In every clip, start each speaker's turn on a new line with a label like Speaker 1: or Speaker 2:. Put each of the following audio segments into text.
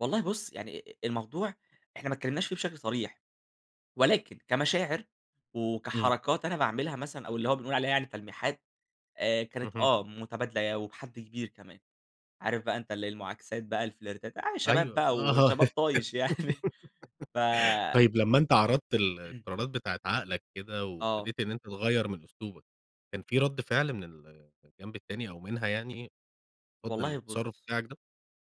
Speaker 1: والله بُص، آآ، يعني الموضوع إحنا ما تكلمناش في بشكل صريح، ولكن كمشاعر
Speaker 2: امم.
Speaker 1: وكحركات أنا باعملها مثلًا أو اللي هو بنقول عليها يعني تلميحات آآ، كانت
Speaker 2: اهم.
Speaker 1: آه متبادلة وبحد كبير كمان، عارف بقى أنت اللي هي المعاكسات بقى الفلرتات ع شباب
Speaker 2: أيوه،
Speaker 1: بقى
Speaker 2: آه،
Speaker 1: وشباب طايش يعني ف
Speaker 2: طيّب لمّا أنت عرضت القرارات بتاعة عقلك كده،
Speaker 1: آه.
Speaker 2: وابتديت إن أنت تغيّر من أسلوبك، كان في رد فعل من الجنب التاني أو منها يعني رد
Speaker 1: والله
Speaker 2: للتصرف
Speaker 1: بُص،
Speaker 2: بتاعك ده؟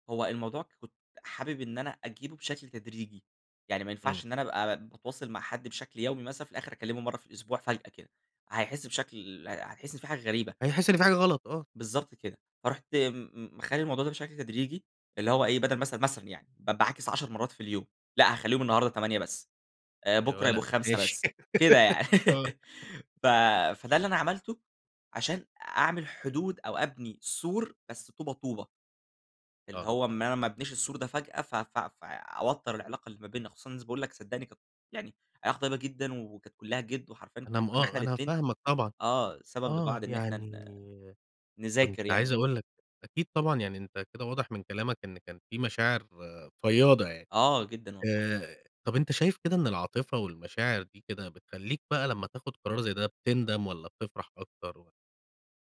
Speaker 1: هو الموضوع كُنت حابب إن أنا أجيبه بشكل تدريجي، يعني ما
Speaker 2: امم.
Speaker 1: ينفعش إن أنا ابقي باتواصل مع حد بشكل يومي مثلًا في الآخر أكلمه مرّة في الأسبوع فجأة كده، هيحس بشكل هتحس إن في حاجة غريبة.
Speaker 2: هيحس إن في حاجة غلط، آه.
Speaker 1: بالضبط كده، فرُحت م مخلي الموضوع ده بشكل تدريجي اللي هو إيه بدل مثلًا مثلًا يعني ب باعاكس 10 مرّات في اليوم لأ، هاخليهم النهارده 8 بس،
Speaker 2: يا
Speaker 1: بُكرة يبقى
Speaker 2: والا،
Speaker 1: 5
Speaker 2: ماشي،
Speaker 1: بس، كده يعني
Speaker 2: آه.
Speaker 1: ف فده اللي أنا عملته عشان أعمل حدود أو أبني سور بس طوبة طوبة. اللي
Speaker 2: آه.
Speaker 1: هو إن أنا ما أبنيش السور ده فجأة ف ف فأوتر العلاقة اللي ما بينا، خصوصًا إن باقول لك صدّقني يعني علاقة طيبة جدًا وكانت كلّها جد وحرفيًا
Speaker 2: أنا م
Speaker 1: كُنا إحنا
Speaker 2: آه، أنا
Speaker 1: الاتنين
Speaker 2: فاهمك طبعًا
Speaker 1: آه، سبب
Speaker 2: آه،
Speaker 1: لبعض إن إحنا ن
Speaker 2: يعني كُنت
Speaker 1: نذاكر يعني و
Speaker 2: عايز
Speaker 1: كده.
Speaker 2: أقول لك، أكيد طبعًا يعني أنت كده واضح من كلامك إن كان في مشاعر فياضة يعني
Speaker 1: آه، جدًا والله.
Speaker 2: آآ، طب أنت شايف كده إن العاطفة والمشاعر دي كده بتخليك بقى لمّا تاخد قرار زي ده بتندم والّا بتفرح أكتر و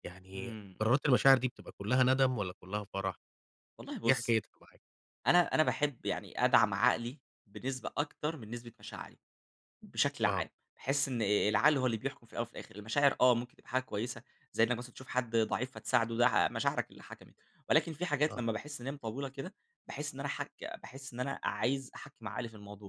Speaker 2: يعني
Speaker 1: امم.
Speaker 2: قرارات المشاعر دي بتبقى كلّها ندم والّا كلّها فرح،
Speaker 1: والله
Speaker 2: إيه
Speaker 1: بُص
Speaker 2: حكايتها معاك؟
Speaker 1: أنا أنا باحب يعني أدعم عقلي بنسبة أكتر من نسبة مشاعري، بشكل
Speaker 2: آه.
Speaker 1: عام. باحس إن العقل هو اللي بيحكم في الأول وفي الآخر المشاعر آه، ممكن تبقي حاجة كويسة زي إنك مثلًا تشوف حد ضعيف فتساعده، ده مشاعرك اللي حكمت، ولكن في حاجات
Speaker 2: آه.
Speaker 1: لمّا باحس إن هي مطولة كده باحس إن أنا حك باحس إن أنا عايز أحكّم عقلي في الموضوع.